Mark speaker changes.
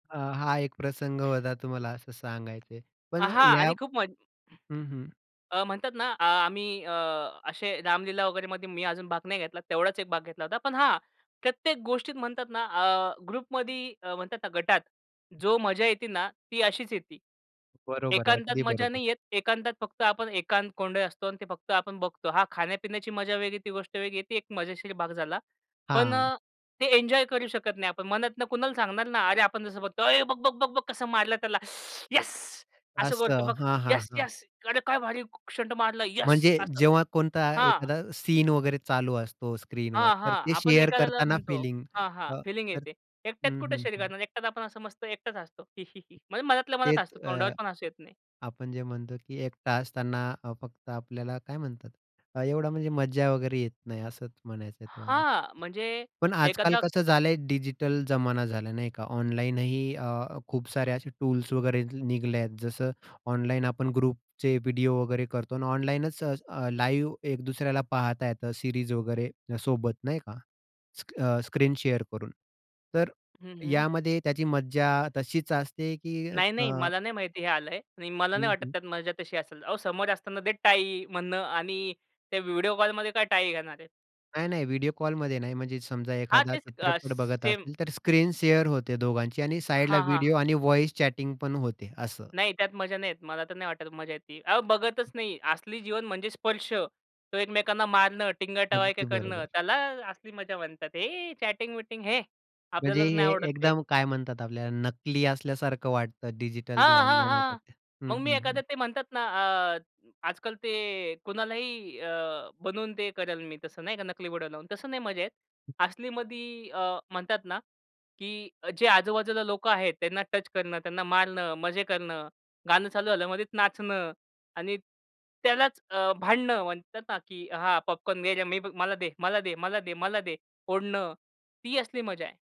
Speaker 1: अ, हा एक प्रसंग होता तुम्हाला असं सांगायचं आहे.
Speaker 2: अ,
Speaker 1: पण
Speaker 2: हां
Speaker 1: या
Speaker 2: आणि खूप म्हण
Speaker 1: हं, हं.
Speaker 2: अ, म्हणतात ना आ आम्ही अ, असे रामलीला वगैरेमध्ये मी अजून भाग नाही घेतला. तेवढाच एक भाग घेतला होता. पण हां, प्रत्येक गोष्टीत म्हणतात ना, अ, ग्रुपमध्ये अ, म्हणतात ना, गटात जो मजा येते ना ती अशीच येती.
Speaker 1: बरोबर आहे.
Speaker 2: एकांतात
Speaker 1: अगदी
Speaker 2: मजा
Speaker 1: बरोबर.
Speaker 2: नाही येत. एकांतात फक्त आपण एकांत कोंडलेलं असतो आणि ते फक्त आपण बघतो. हां, खाण्यापिण्याची मजा वेगळी आहे, ती गोष्ट वेगळी आहे. ती एक मजेशीर भाग झाला. पण
Speaker 1: हां.
Speaker 2: अ, ते एन्जॉय करू शकत नाही आपण. मनातनं कुणाला सांगणार ना? अरे आपण जसं बघतो "ए, बघ-बघ, बघ-बघ कसं मारलं त्याला. येस." असं करतो
Speaker 1: असं.
Speaker 2: बघ.
Speaker 1: हां, हां,
Speaker 2: "येस,
Speaker 1: हां.
Speaker 2: येस अरे काय भारी स्टंट मारलं, येस"
Speaker 1: म्हणजे
Speaker 2: असं.
Speaker 1: जेव्हा कोणता
Speaker 2: हां.
Speaker 1: एखादा सीन वगैरे चालू असतो स्क्रीनवर.
Speaker 2: हां,
Speaker 1: तर
Speaker 2: हां.
Speaker 1: ते
Speaker 2: आपण
Speaker 1: शेअर
Speaker 2: एखाद्याला
Speaker 1: करताना
Speaker 2: म्हणतो.
Speaker 1: फिलिंग
Speaker 2: हां, हां.
Speaker 1: अ,
Speaker 2: फीलिंग
Speaker 1: तर
Speaker 2: येते. एकट्यात
Speaker 1: हं,
Speaker 2: कुठे
Speaker 1: हं,
Speaker 2: शरीर
Speaker 1: हं.
Speaker 2: करणार. एकट्यात आपण असं मस्त एकटाच हसतो. म्हणजे मनातल्या मनात
Speaker 1: तेच
Speaker 2: हसतो, तोंडावर
Speaker 1: अ,
Speaker 2: पण हसू येत नाही.
Speaker 1: आपण जे म्हणतो की 1 तास त्यांना अ, फक्त आपल्याला काय म्हणतात? एवढा म्हणजे मज्जा वगैरे येत नाही. असंच म्हणायचं आहे तुम्हाला.
Speaker 2: हां, म्हणजे
Speaker 1: पण आजकाल
Speaker 2: एखादा
Speaker 1: कसं झालं आहे डिजिटल जमाना झाला, नाही का? ऑनलाईनही अ, खूप सारे असे टूल्स वगैरे निघले आहेत. जसं ऑनलाईन आपण ग्रुपचे व्हिडिओ वगैरे करतो आणि ऑनलाईनच अ, लाईव्ह एक दुसऱ्याला पाहता येतं सीरीज वगैरे सोबत, नाही का? स अ, स्क्रीन शेअर करून. तर
Speaker 2: हं, हं.
Speaker 1: यामध्ये त्याची मज्जा तशीच असते की
Speaker 2: नाही, नाही.
Speaker 1: अ
Speaker 2: मला नाही माहिती हे आलं आहे आणि मला नाही
Speaker 1: हं,
Speaker 2: वाटत,
Speaker 1: हं.
Speaker 2: त्यात मजा तशी असेल. अहो समोर असताना दे टाळी म्हणणं आणि त्या व्हिडिओ कॉलमध्ये काय टाळी घेणार आहे?
Speaker 1: नाही, नाही. व्हिडिओ कॉलमध्ये नाही. म्हणजे समजा
Speaker 2: हां.
Speaker 1: एखादा
Speaker 2: तेच अ,
Speaker 1: चित्रपट
Speaker 2: स
Speaker 1: बघत
Speaker 2: सेम.
Speaker 1: असेल तर स्क्रीन शेअर होते दोघांची आणि साइडला
Speaker 2: हां, हां.
Speaker 1: व्हिडिओ आणि व्हॉईस चॅटिंग पण होते. असं.
Speaker 2: नाही. त्यात मजा नाही येत. मला तर नाही वाटत मजा येती. अहो बघतचं नाही. असली जीवन म्हणजे स्पर्श. तो एकमेकांना मारणं, टिंगल-टवाळक्या
Speaker 1: अगदी
Speaker 2: करणं,
Speaker 1: बरोबर.
Speaker 2: त्याला असली मजा म्हणतात. हे चॅटिंग विटिंग है,
Speaker 1: म्हणजे
Speaker 2: आपल्याला तर
Speaker 1: हे
Speaker 2: नाही आवडत ते.
Speaker 1: एकदम काय म्हणतात आपल्याला? नकली असल्यासारखं वाटतं डिजिटल जे
Speaker 2: हां, हां,
Speaker 1: ऑनलाईन होता
Speaker 2: हां.
Speaker 1: त्या. हं,
Speaker 2: मग मी
Speaker 1: हं,
Speaker 2: एखादं
Speaker 1: हं.
Speaker 2: ते म्हणतात ना अ, आजकाल ते कुणालाही अ, बनवून ते करेल मी तसं नाही का नकली बोडा लावून, तसं नाही मजा येत. असलीमध्ये अ, म्हणतात ना, की जे आजूबाजूला लोकं आहेत. त्यांना टच करणं, त्यांना मारणं, मजे करणं. गाणं चालू झाल्यावर मध्येच नाचणं आणि त्यालाच अ, भांडणं म्हणतात ना की हां, पॉपकॉर्न मेरे मी "मला दे, मला दे, मला दे, मला दे." ओढणं. ती असली मजा आहे.